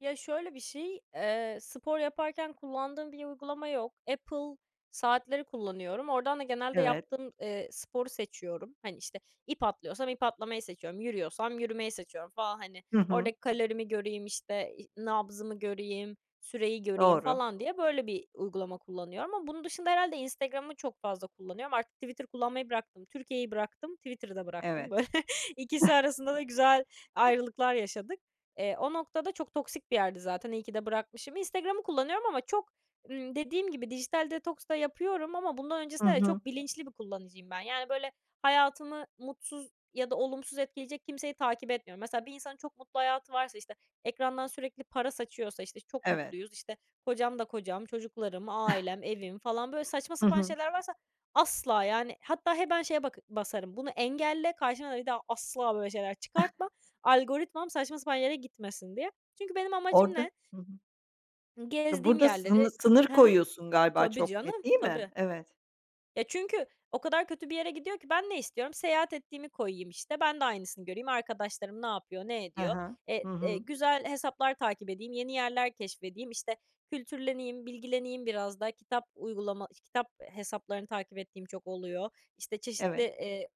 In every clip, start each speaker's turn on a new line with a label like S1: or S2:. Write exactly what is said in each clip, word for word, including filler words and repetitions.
S1: Ya, şöyle bir şey, eee, spor yaparken kullandığım bir uygulama yok. Apple saatleri kullanıyorum. Oradan da genelde
S2: Evet.
S1: yaptığım, eee, sporu seçiyorum. Hani, işte, ip atlıyorsam ip atlamayı seçiyorum, yürüyorsam yürümeyi seçiyorum falan, hani,
S2: Hı hı.
S1: oradaki kalorimi göreyim, işte, i nabzımı göreyim, süreyi göreyim
S2: Doğru.
S1: falan diye, böyle, bir uygulama kullanıyorum ama bunun dışında herhâlde Instagram'ı çok fazla kullanıyorum. Artık Twitter kullanmayı bıraktım. Türkiye'yi bıraktım, Twitter'ı da bıraktım.
S2: Evet.
S1: Böyle, ikisi arasında da güzel ayrılıklar yaşadık. Eee, o noktada çok toksik bir yerdi zaten, iyi ki de bırakmışım. Instagram'ı kullanıyorum ama çok, ımm, dediğim gibi dijital detoks da yapıyorum ama bundan
S2: Hı
S1: öncesinde de
S2: hı.
S1: çok bilinçli bir kullanıcıyım ben, yani, böyle, hayatımı mutsuz ya da olumsuz etkileyecek kimseyi takip etmiyorum. Mesela, bir insanın çok mutlu hayatı varsa, işte, ekrandan sürekli para saçıyorsa, işte, "Çok
S2: Evet.
S1: mutluyuz, işte, kocam da kocam, çocuklarım, ailem, evim" falan, böyle, saçma
S2: Hı
S1: sapan
S2: hı.
S1: şeyler varsa, asla yani. Hatta hemen şeye baka basarım "Bunu engelle, karşıma da bir daha asla böyle şeyler çıkartma" algoritmam saçma sapan yere gitmesin, diye. Çünkü benim amacım
S2: Orada,
S1: ne?
S2: hı hı.
S1: Gezdiğim
S2: Burada sını
S1: yerleri
S2: sınır
S1: Hı hı,
S2: koyuyorsun galiba
S1: tabii
S2: çok
S1: canım,
S2: net, değil mi?
S1: tabii.
S2: Evet.
S1: E, çünkü o kadar kötü bir yere gidiyor ki ben ne istiyorum, seyahat ettiğimi koyayım, işte, ben de aynısını göreyim, arkadaşlarım ne yapıyor, ne
S2: He he,
S1: ediyor.
S2: hı
S1: Eee, eee,
S2: hı.
S1: güzel hesaplar takip edeyim, yeni yerler keşfedeyim, işte, kültürleneyim, bilgileneyim biraz daha. Kitap uygulama kitap hesaplarını takip ettiğim çok oluyor. İşte, çeşitli,
S2: Evet.
S1: eee,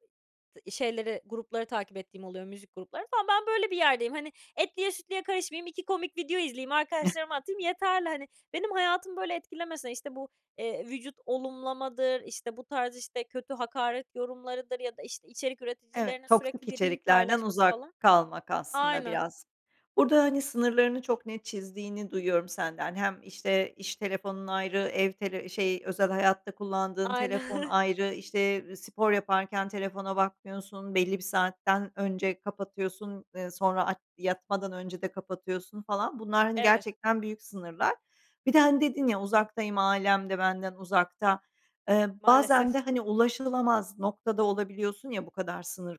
S1: şeyleri, grupları takip ettiğim oluyor, müzik grupları falan. Ben böyle bir yerdeyim, hani. Etliye sütlüye karışmayayım, iki komik video izleyeyim, arkadaşlarıma atayım yeterli, hani, benim hayatımı böyle etkilemese, işte, bu, eee, vücut olumlamadır, işte, bu tarz, işte, kötü hakaret yorumlarıdır ya da işte içerik
S2: Evet,
S1: üreticilerinin
S2: toksik
S1: sürekli bir link
S2: içeriklerden
S1: paylaşması
S2: uzak
S1: falan
S2: kalmak aslında
S1: Aynen.
S2: biraz. Burada, hani, sınırlarını çok net çizdiğini duyuyorum senden. Hem, işte, iş telefonun ayrı, ev tele şey, özel hayatta kullandığın telefon
S1: Aynen.
S2: ayrı, işte, ııı, spor yaparken telefona bakmıyorsun, belli bir saatten önce kapatıyorsun, ııı, sonra aç yatmadan önce de kapatıyorsun falan, bunlar, hani,
S1: Evet.
S2: gerçekten büyük sınırlar. Bir de, hani, dedin ya, uzaktayım, ailem de benden uzakta. Eee, bazen
S1: Maalesef.
S2: de, hani, ulaşılamaz noktada olabiliyorsun ya, bu kadar sınır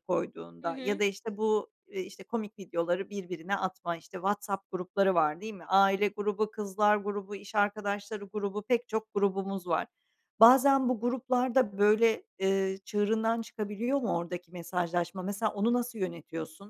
S1: Hı
S2: koyduğunda ya
S1: hı.
S2: da işte bu, iii, işte, komik videoları birbirine atma, işte, WhatsApp grupları var, değil mi? Aile grubu, kızlar grubu, iş arkadaşları grubu, pek çok grubumuz var. Bazen bu gruplar da, böyle, ııı, çığırından çıkabiliyor mu oradaki mesajlaşma? Mesela, onu nasıl yönetiyorsun?